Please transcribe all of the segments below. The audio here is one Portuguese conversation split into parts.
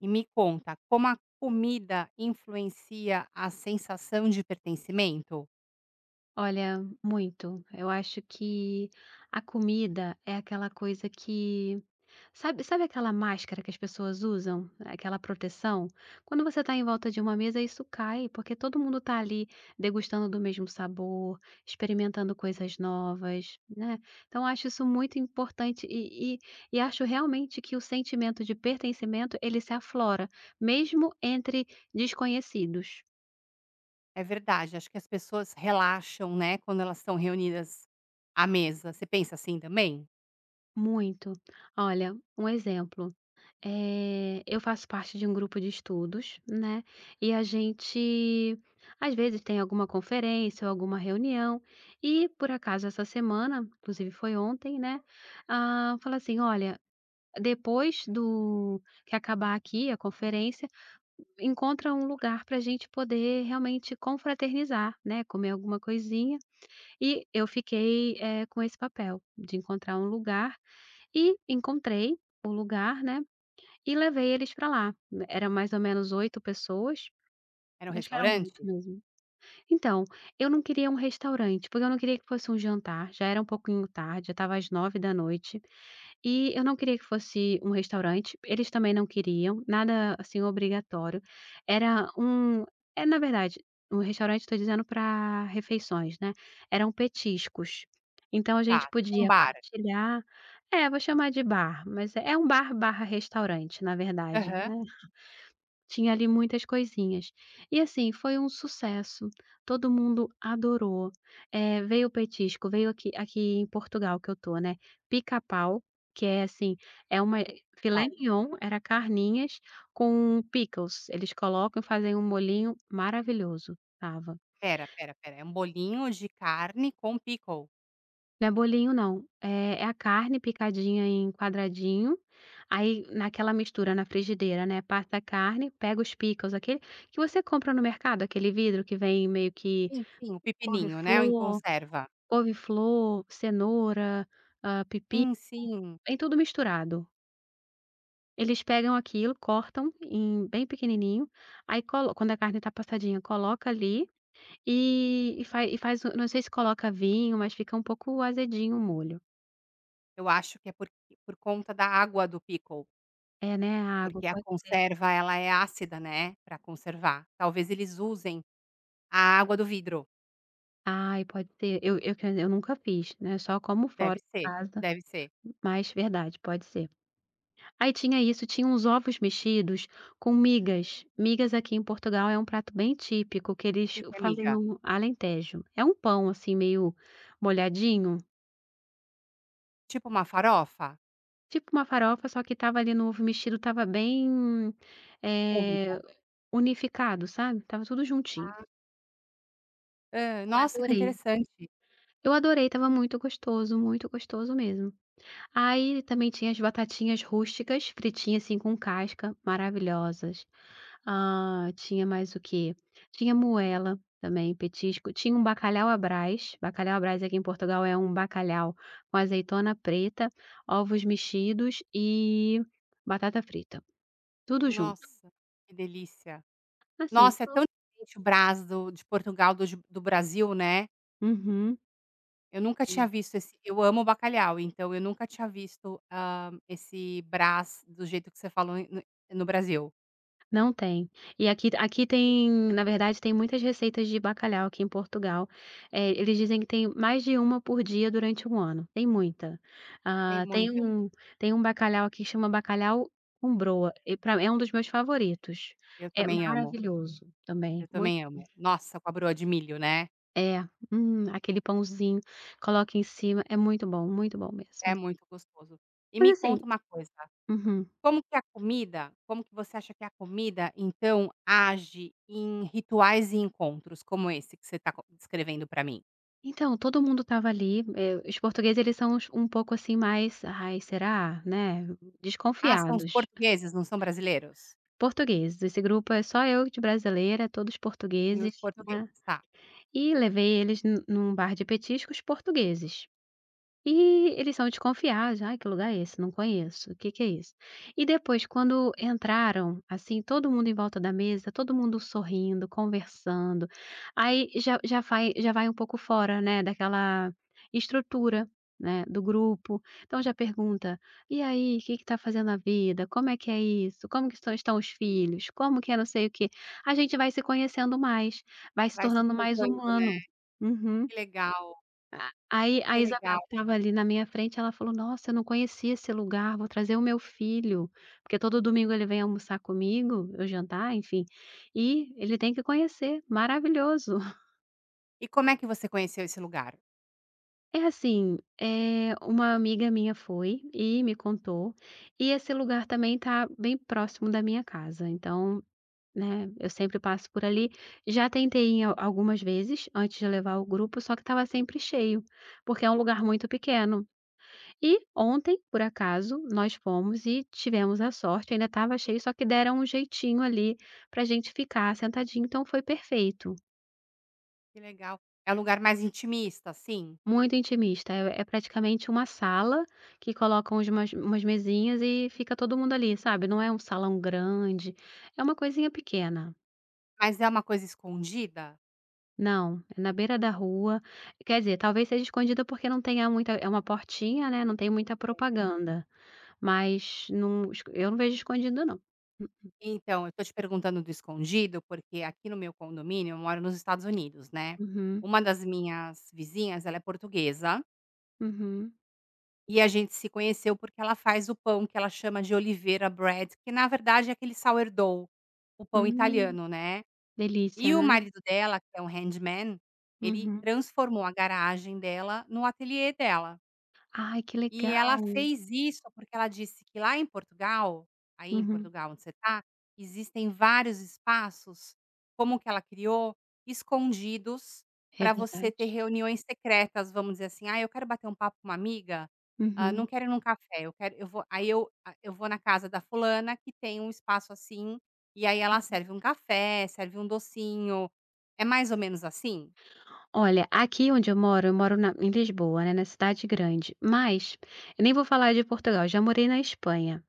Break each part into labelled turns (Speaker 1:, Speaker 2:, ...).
Speaker 1: E, me conta, como a comida influencia a sensação de pertencimento?
Speaker 2: Olha, muito. Eu acho que, a comida é aquela coisa que, sabe sabe aquela máscara que as pessoas usam? Aquela proteção? Quando você está em volta de uma mesa isso cai, porque todo mundo tá ali, degustando do mesmo sabor, experimentando coisas novas, né. Então acho isso muito importante e e e acho realmente que o sentimento de pertencimento, ele se aflora, mesmo entre desconhecidos.
Speaker 1: É verdade, acho que as pessoas relaxam né, quando elas estão reunidas à mesa, você pensa assim também?
Speaker 2: Muito. Olha, um exemplo, eh, eu faço parte de um grupo de estudos, né, e a gente, às vezes, tem alguma conferência ou alguma reunião. E, por acaso, essa semana, inclusive foi ontem, né, hã, falou assim: "Olha, depois do que acabar aqui a conferência, encontra um lugar pra gente poder realmente confraternizar, né, comer alguma coisinha." E eu fiquei, eh, com esse papel de encontrar um lugar e encontrei o lugar, né, e levei eles pra lá. Era mais ou menos 8 pessoas.
Speaker 1: Era um
Speaker 2: Acho que eram 8
Speaker 1: restaurante?
Speaker 2: mesmo. Então, eu não queria um restaurante, porque eu não queria que fosse um jantar, já era um pouquinho tarde, já estava às 21h e eu não queria que fosse um restaurante, eles também não queriam, nada assim obrigatório. Era um eh, na verdade, um restaurante, tô dizendo pra refeições, né, eram petiscos. Então a
Speaker 1: Tá,
Speaker 2: gente
Speaker 1: tipo um
Speaker 2: podia
Speaker 1: bar?
Speaker 2: partilhar é, vou chamar de bar, mas é um bar barra restaurante, na verdade,
Speaker 1: Aham.
Speaker 2: né. Tinha ali muitas coisinhas. E, assim, foi um sucesso, todo mundo adorou, eh, veio o petisco, veio aqui aqui em Portugal que eu tô, né, pica-pau, que é assim, é uma
Speaker 1: E
Speaker 2: eh,
Speaker 1: qual?
Speaker 2: filé-mignon, era carninhas, com pickles, eles colocam e fazem um molhinho maravilhoso, estava.
Speaker 1: Espera, espera, espera, é um bolinho de carne com pickles?
Speaker 2: Não é bolinho, não. É é a carne picadinha em quadradinho, aí naquela mistura na frigideira, né, passa a carne, pega os pickles aquele que você compra no mercado, aquele vidro que vem meio que
Speaker 1: Sim, sim, o pepininho, né, o em
Speaker 2: couve-flor
Speaker 1: conserva?
Speaker 2: couve-flor, cenoura, hã, pepino,
Speaker 1: Sim, sim.
Speaker 2: vem tudo misturado. Eles pegam aquilo, cortam em bem pequenininho, aí colo quando a carne tá passadinha, coloca ali e e faz e faz o não sei se coloca vinho, mas fica um pouco azedinho o molho.
Speaker 1: Eu acho que é porq por conta da água do pickle
Speaker 2: É, né, a água,
Speaker 1: Porque a
Speaker 2: pode ser.
Speaker 1: conserva ela é ácida, né, pra conservar. Talvez eles usem a água do vidro.
Speaker 2: Aí pode ser. Eu eu, quer dizer, eu nunca fiz, né, só como fora
Speaker 1: Deve
Speaker 2: de
Speaker 1: ser.
Speaker 2: casa
Speaker 1: Deve ser.
Speaker 2: mas, verdade, pode ser. Aí tinha isso, tinha uns ovos mexidos com migas. Migas aqui em Portugal é um prato bem típico que
Speaker 1: O
Speaker 2: eles
Speaker 1: que que é
Speaker 2: fazem
Speaker 1: miga?
Speaker 2: no Alentejo, é um pão, assim, meio molhadinho.
Speaker 1: Tipo uma farofa?
Speaker 2: Tipo uma farofa, só que estava ali, no ovo mexido, estava bem, eh,
Speaker 1: [unintelligible]
Speaker 2: unificado. sabe. Estava tudo juntinho.
Speaker 1: Ah. Hã.
Speaker 2: Eu
Speaker 1: Nossa, que
Speaker 2: adorei.
Speaker 1: interessante.
Speaker 2: Eu adorei estava muito gostoso, muito gostoso mesmo. Aí, também tinha as batatinhas rústicas, fritinha, assim, com casca, maravilhosas. Ah, tinha mais o quê? Tinha moela também, petisco, tinha um bacalhau à Brás, bacalhau à Brás, aqui em Portugal, é um bacalhau com azeitona preta, ovos mexidos e batata frita, tudo junto.
Speaker 1: Nossa, que delícia.
Speaker 2: Assim
Speaker 1: Nossa é tão
Speaker 2: to
Speaker 1: diferente o Brás do de Portugal dos do Brasil, né.
Speaker 2: Uhum.
Speaker 1: Eu nunca tinha
Speaker 2: [unintelligible]
Speaker 1: visto esse, eu amo bacalhau. Então eu nunca tinha, ah, visto esse Brás do jeito que você falou em no no Brasil.
Speaker 2: Não tem, e aqui aqui tem, na verdade, tem muitas receitas de bacalhau aqui em Portugal, eh, eles dizem que tem mais de 1 por dia durante 1 ano, tem muita.
Speaker 1: Tem
Speaker 2: Ah, tem
Speaker 1: muitas.
Speaker 2: um tem um bacalhau aqui chama bacalhau com broa, e pra mim é um dos meus favoritos.
Speaker 1: Eu
Speaker 2: É
Speaker 1: também amo.
Speaker 2: maravilhoso,
Speaker 1: Eu
Speaker 2: também, muito
Speaker 1: também
Speaker 2: bom.
Speaker 1: amo. Nossa, com a broa de milho, né?
Speaker 2: É, hum, aquele pãozinho, coloca em cima, é muito bom, muito bom mesmo.
Speaker 1: É muito gostoso. E
Speaker 2: Mas
Speaker 1: me
Speaker 2: assim
Speaker 1: conta uma coisa:
Speaker 2: uhum.
Speaker 1: como que a comida como que você acha que a comida, então, age em rituais e encontros, como esse que você está con descrevendo pra mim?
Speaker 2: Então, todo mundo estava ali, eh, os portugueses eles são uns um pouco assim mais, "Ai, será?", né,
Speaker 1: Ah, são os
Speaker 2: desconfiados.
Speaker 1: portugueses, não são brasileiros?
Speaker 2: Portugueses, esse grupo é só eu de brasileira, todos
Speaker 1: Nos
Speaker 2: portugueses, né.
Speaker 1: portugueses,
Speaker 2: Eh,
Speaker 1: tá.
Speaker 2: e levei eles nu num bar de petiscos portugueses. Eh, eles são desconfiados, "Ai, que lugar é esse? Não conheço, o que que é isso?". E depois quando entraram, assim, todo mundo em volta da mesa, todo mundo sorrindo, conversando, aí, já já vai já vai um pouco fora, né, daquela estrutura, né, do grupo. Então, já pergunta: "E aí, o que que tá fazendo na vida? Como é que é isso? Como que estão estão os filhos? Como que é não sei o quê?", a gente vai se conhecendo mais, vai se
Speaker 1: Vai se
Speaker 2: tornando mais
Speaker 1: encontrando, né.
Speaker 2: humano. Uhum.
Speaker 1: Que legal.
Speaker 2: A aí, a
Speaker 1: Que legal.
Speaker 2: Isabel que estava ali, na minha frente, ela falou: "Nossa, eu não conhecia esse lugar. Vou trazer o meu filho, porque todo domingo ele vem almoçar comigo, ou jantar, enfim, eh, ele tem que conhecer. Maravilhoso."
Speaker 1: E como é que você conheceu esse lugar?
Speaker 2: É assim, eh, uma amiga minha foi e me contou, e esse lugar também tá bem próximo da minha casa, então, né, eu sempre passo por ali. Já tentei em algumas vezes, antes de levar o grupo, só que estava sempre cheio, porque é um lugar muito pequeno. E ontem, por acaso, nós fomos e tivemos a sorte, ainda estava cheio, só que deram um jeitinho ali, pra gente ficar sentadinho, então foi perfeito.
Speaker 1: Que legal! É o lugar mais intimista, assim?
Speaker 2: Muito intimista, é praticamente uma sala, que coloca umas umas mesinhas e fica todo mundo ali, sabe, não é um salão grande, é uma coisinha pequena.
Speaker 1: Mas é uma coisa escondida?
Speaker 2: Não, é na beira da rua. Quer dizer, talvez seja escondida porque não tenha muita é uma portinha, né, não tem muita
Speaker 1: É.
Speaker 2: propaganda, mas não eu não vejo escondida não.
Speaker 1: Então, eu tô te perguntando do escondido, porque aqui no meu condomínio, eu moro nos Estados Unidos, né,
Speaker 2: Uhum.
Speaker 1: uma das minhas vizinhas, ela é portuguesa
Speaker 2: Uhum.
Speaker 1: E a gente se conheceu porque ela faz o pão que ela chama de oliveira bread, que na verdade é aquele sourdough, o pão
Speaker 2: Hum.
Speaker 1: italiano, né,
Speaker 2: Delícia,
Speaker 1: e o
Speaker 2: né.
Speaker 1: marido dela, que é um handman, ele
Speaker 2: Uhum.
Speaker 1: transformou a garagem dela no ateliê dela.
Speaker 2: Ai, que
Speaker 1: E ela
Speaker 2: legal.
Speaker 1: fez isso, porque ela disse que lá em Portugal aí em
Speaker 2: Uhum.
Speaker 1: Portugal, onde você tá, existem vários espaços, como o que ela criou, escondidos
Speaker 2: É
Speaker 1: para você ter
Speaker 2: verdade.
Speaker 1: reuniões secretas, vamos dizer assim: "Ai, eu quero bater um papo com uma amiga, hã,
Speaker 2: Uhum.
Speaker 1: não quero ir em um café, eu quero eu vou" Aí eu hã, eu vou na casa da fulana que tem um espaço assim, e aí ela
Speaker 2: Uhum.
Speaker 1: serve um café, serve um docinho. É mais ou menos assim?
Speaker 2: Olha, aqui onde eu moro, eu moro na em Lisboa, né, na cidade grande, mas eu nem vou falar de Portugal, eu já morei na Espanha.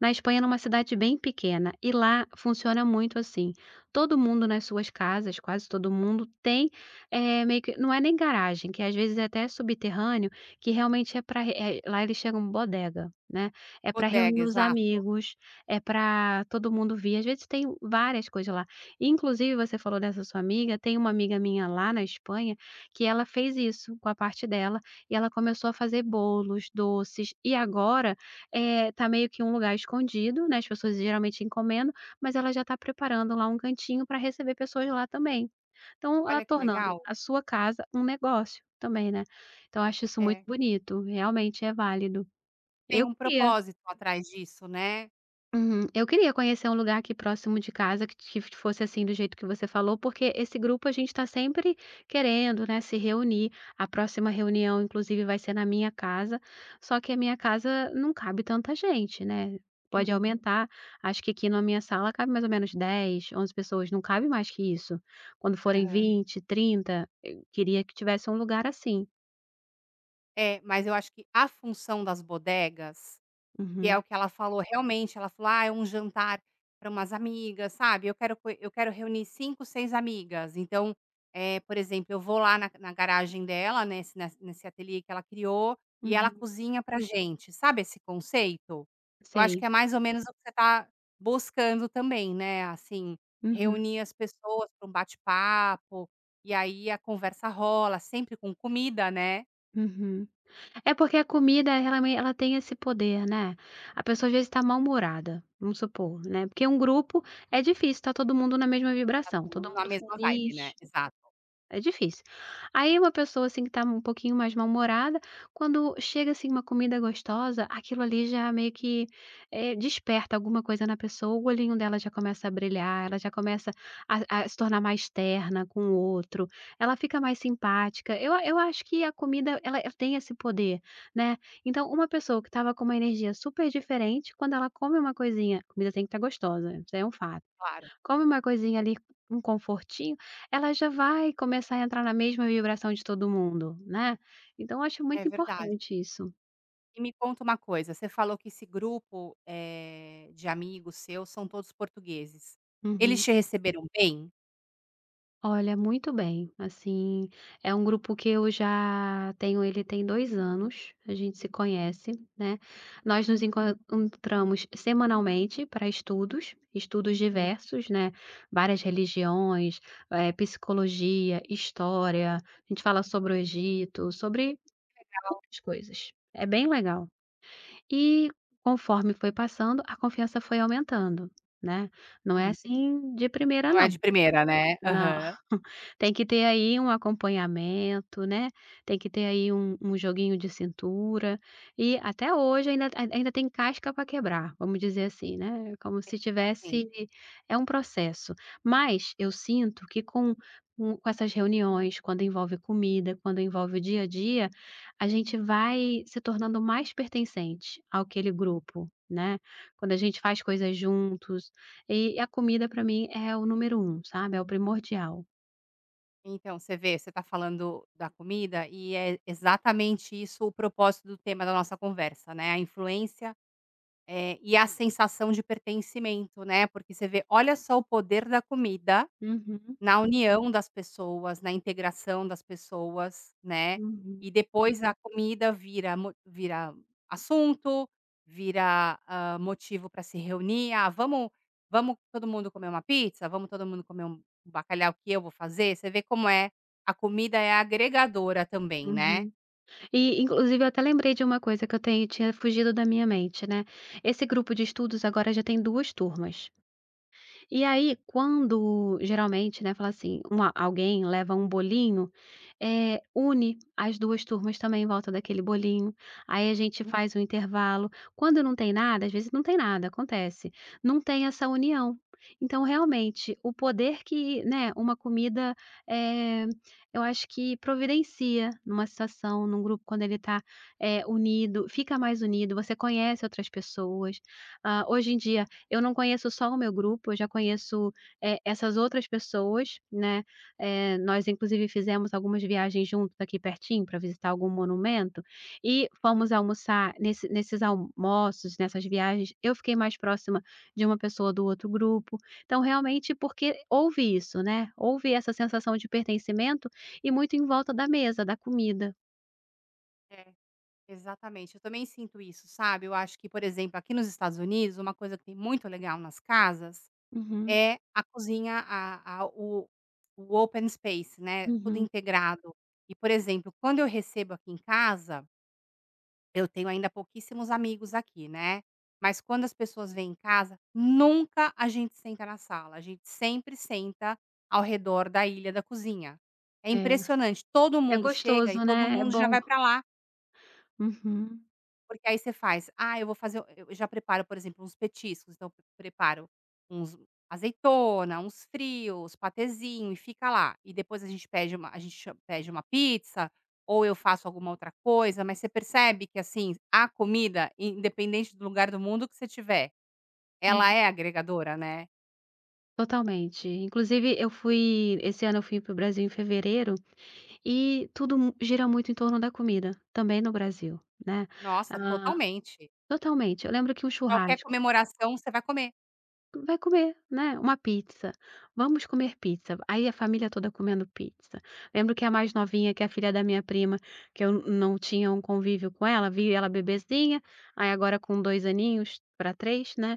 Speaker 2: Na Espanha numa cidade bem pequena, e lá funciona muito assim, todo mundo nas suas casas, quase todo mundo tem, eh, meio que não é nem garagem, que às vezes é até subterrâneo, que realmente é pra eh, lá eles chegam bodega, né, é para reunir
Speaker 1: Bodega,
Speaker 2: os
Speaker 1: exato.
Speaker 2: amigos, é para todo mundo vir. Às vezes tem várias coisas lá, inclusive você falou dessa sua amiga, tem uma amiga minha lá na Espanha que ela fez isso com a parte dela, e ela começou a fazer bolos, doces e agora, eh, tá meio que um lugar escondido, né, as pessoas geralmente encomendam, mas ela já tá preparando lá um cantinho para receber pessoas lá também. Então, hã,
Speaker 1: Olha que
Speaker 2: tornando
Speaker 1: legal.
Speaker 2: a sua casa um negócio também, né, então eu acho isso muito
Speaker 1: É.
Speaker 2: bonito, realmente é válido.
Speaker 1: Tem
Speaker 2: Eu
Speaker 1: um
Speaker 2: que ia.
Speaker 1: propósito atrás disso, né?
Speaker 2: Uhum. Eu queria conhecer um lugar aqui próximo de casa que que fosse assim do jeito que você falou, porque esse grupo, a gente tá sempre querendo, né, se reunir. A próxima reunião inclusive vai ser na minha casa, só que a minha casa não cabe tanta gente, né, pode
Speaker 1: Uhum.
Speaker 2: aumentar, acho que aqui na minha sala cabe mais ou menos 10, 11 pessoas, não cabe mais que isso. Quando forem
Speaker 1: Aham.
Speaker 2: 20, 30, eu queria que tivesse um lugar assim.
Speaker 1: É, mas eu acho que a função das bodegas, que é
Speaker 2: Uhum.
Speaker 1: o que ela falou, realmente ela falou: "Ah, é um jantar para umas amigas sabe, eu quero f eu quero reunir 5, 6 amigas.", então, eh, por exemplo, eu vou lá na na garagem dela, nessa nesse nesse ateliê que ela criou, e ela
Speaker 2: Uhum.
Speaker 1: cozinha pra gente, sabe esse conceito? Eu acho
Speaker 2: Sei.
Speaker 1: que é mais ou menos o que você tá buscando também, né, assim,
Speaker 2: Uhum.
Speaker 1: reunir as pessoas pra um bate-papo, e aí a conversa rola, sempre com comida, né?
Speaker 2: Uhum. É porque a comida ela m ela tem esse poder né, a pessoa já está mal-humorada, vamos supor, né, porque um grupo é difícil, tá todo mundo na mesma
Speaker 1: Tá
Speaker 2: vibração,
Speaker 1: todo
Speaker 2: todo
Speaker 1: mundo na
Speaker 2: mundo
Speaker 1: mesma vibe, né,
Speaker 2: feliz,
Speaker 1: exato.
Speaker 2: é difícil. Aí uma pessoa assim, que tá um pouquinho mais mal-humorada, quando chega assim uma comida gostosa, aquilo ali já meio que, eh, que desperta alguma coisa na pessoa, o olhinho dela já começa a brilhar, ela já começa a a se tornar mais terna com o outro, ela fica mais simpática. Eu eu acho que a comida ela ela tem esse poder, né. Então uma pessoa que estava com uma energia super diferente, quando ela come uma coisinha a comida tem que estar gostosa, né, isso aí é um fato.
Speaker 1: Claro.
Speaker 2: Come uma coisinha ali, um confortinho, ela já vai começar a entrar na mesma vibração de todo mundo, né. Então eu acho
Speaker 1: É
Speaker 2: muito
Speaker 1: verdade.
Speaker 2: importante isso.
Speaker 1: E me conta uma coisa, você falou que esse grupo, eh, de amigos seus são todos portugueses. Eles
Speaker 2: Uhum.
Speaker 1: te receberam bem?
Speaker 2: Olha, muito bem, assim, é um grupo que eu já tenho ele tem 2 anos, a gente se conhece, né. Nós nos encontramos semanalmente pra estudos, estudos
Speaker 1: Hum.
Speaker 2: diversos, né, várias religiões, eh, psicologia, história, a gente fala sobre o Egito, sobre
Speaker 1: Que legal.
Speaker 2: um [unintelligible] de coisas, é bem legal. E conforme foi passando, a confiança foi aumentando, né, não é
Speaker 1: Hum.
Speaker 2: assim de primeira,
Speaker 1: Não é
Speaker 2: não.
Speaker 1: de primeira, né.
Speaker 2: Não,
Speaker 1: Aham.
Speaker 2: tem que ter aí um acompanhamento, né, tem que ter aí um um joguinho de cintura e até hoje ainda ainda tem casca pra quebrar, vamos dizer assim, né, como
Speaker 1: Sim.
Speaker 2: se
Speaker 1: Sim.
Speaker 2: tivesse é um processo, mas eu sinto que com com com essas reuniões, quando envolve comida, quando envolve o dia a dia, a gente vai se tornando mais pertencente àquele grupo, né, quando a gente faz coisas juntos e a comida, pra mim, é o número 1, sabe, é o primordial.
Speaker 1: Então você vê, você tá falando da comida e é exatamente isso o propósito do tema da nossa conversa, né, a influência, eh, e a sensação de pertencimento, né, porque você vê, olha só o poder da comida
Speaker 2: Uhum.
Speaker 1: na união das pessoas, na integração das pessoas, né, e
Speaker 2: Uhum.
Speaker 1: depois a comida vira mo vira assunto, vira, hã, motivo para se reunir: "Ah, vamos vamos todo mundo comer uma pizza, vamos todo mundo comer um bacalhau que eu vou fazer", você vê como é, a comida é agregadora também, né.
Speaker 2: Uhum. E inclusive eu até lembrei de uma coisa que eu tenho tinha fugido da minha mente, né, esse grupo de estudos agora já tem 2 turmas. E aí, quando geralmente, né, fala assim uma alguém leva um bolinho, eh, une as 2 turmas também em volta daquele bolinho, aí a gente faz um intervalo. Quando não tem nada às vezes não tem nada, acontece. Não tem essa união, então realmente, o poder que, né, uma comida, eh, eu acho que providencia numa situação, num grupo quando ele tá, eh, unido, fica mais unido, você conhece outras pessoas. Ah, hoje em dia eu não conheço só o meu grupo, eu já conheço, eh, essas outras pessoas, né, eh, nós inclusive fizemos algumas viagens juntos aqui pertinho para visitar algum monumento, e fomos almoçar nesse nesses almoços, nessas viagens, eu fiquei mais próxima de uma pessoa do outro grupo, então realmente porque houve isso, né, houve essa sensação de pertencimento e muito em volta da mesa, da comida.
Speaker 1: É, exatamente, eu também sinto isso, sabe. Eu acho que, por exemplo, aqui nos Estados Unidos, uma coisa que tem muito legal nas casas,
Speaker 2: Uhum.
Speaker 1: é a cozinha a a o o open space, né, tudo
Speaker 2: Uhum.
Speaker 1: integrado. E, por exemplo, quando eu recebo aqui em casa eu tenho ainda pouquíssimos amigos aqui, né. Mas quando as pessoas vêm em casa, nunca a gente senta na sala, a gente sempre senta ao redor da ilha da cozinha. É
Speaker 2: É.
Speaker 1: impressionante, todo
Speaker 2: É
Speaker 1: mundo chega e
Speaker 2: gostoso,
Speaker 1: todo
Speaker 2: né. É
Speaker 1: mundo já
Speaker 2: bom.
Speaker 1: vai pra lá.
Speaker 2: Uhum.
Speaker 1: Porque aí você faz: "Ah eu vou fazer o" eu eu já preparo, por exemplo, uns petiscos, então preparo uns azeitona, uns frios, patêzinho e fica lá. E depois a gente pede uma a gente cha pede uma pizza, ou eu faço alguma outra coisa, mas você percebe que, assim, a comida, independente do lugar do mundo que você estiver, ela
Speaker 2: Hum.
Speaker 1: é agregadora, né?
Speaker 2: Totalmente, inclusive eu fui esse ano eu fui para o Brasil em fevereiro, e tudo m gira muito em torno da comida, também no Brasil, né,
Speaker 1: Nossa,
Speaker 2: hã
Speaker 1: totalmente.
Speaker 2: totalmente, eu lembro que um
Speaker 1: Qualquer
Speaker 2: churrasco
Speaker 1: comemoração você vai comer.
Speaker 2: Vai comer, né, uma pizza. "Vamos comer pizza". Aí a família toda comendo pizza. Lembro que a mais novinha, que é a filha da minha prima, que eu não tinha um convívio com ela, vi ela bebezinha, aí agora com 2 aninhos, pra 3, né.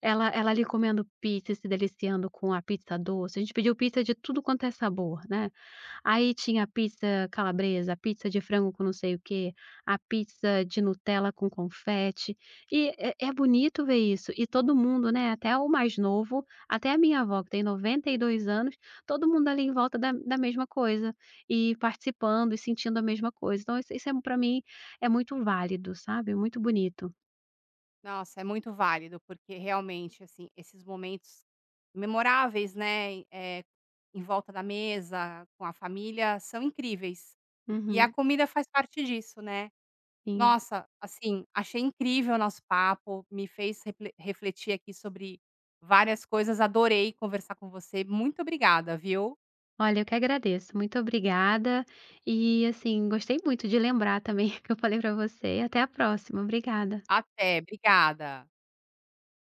Speaker 2: Ela ela ali comendo pizza e se deliciando com a pizza doce. A gente pediu pizza de tudo quanto é sabor, né. Aí tinha pizza calabresa, pizza de frango com não sei o quê, a pizza de Nutella com confete, eh, é é bonito ver isso. E todo mundo, né, até o mais novo, até a minha avó que tem 92 anos, todo mundo ali em volta da da mesma coisa, e participando e sentindo a mesma coisa. Então isso isso é pra mim é muito válido, sabe. É muito bonito.
Speaker 1: Nossa, é muito válido, porque realmente, assim, esses momentos memoráveis, né. E, eh, em volta da mesa, com a família, são incríveis e a
Speaker 2: Uhum.
Speaker 1: comida faz parte disso, né.
Speaker 2: Sim.
Speaker 1: Nossa, assim, achei incrível o nosso papo; me fez refle refletir aqui sobre várias coisas. Adorei conversar com você, muito obrigada, viu.
Speaker 2: Olha, eu que agradeço, muito obrigada. E, assim, gostei muito de lembrar também, o que eu falei pra você. Até a próxima, obrigada.
Speaker 1: Até, obrigada.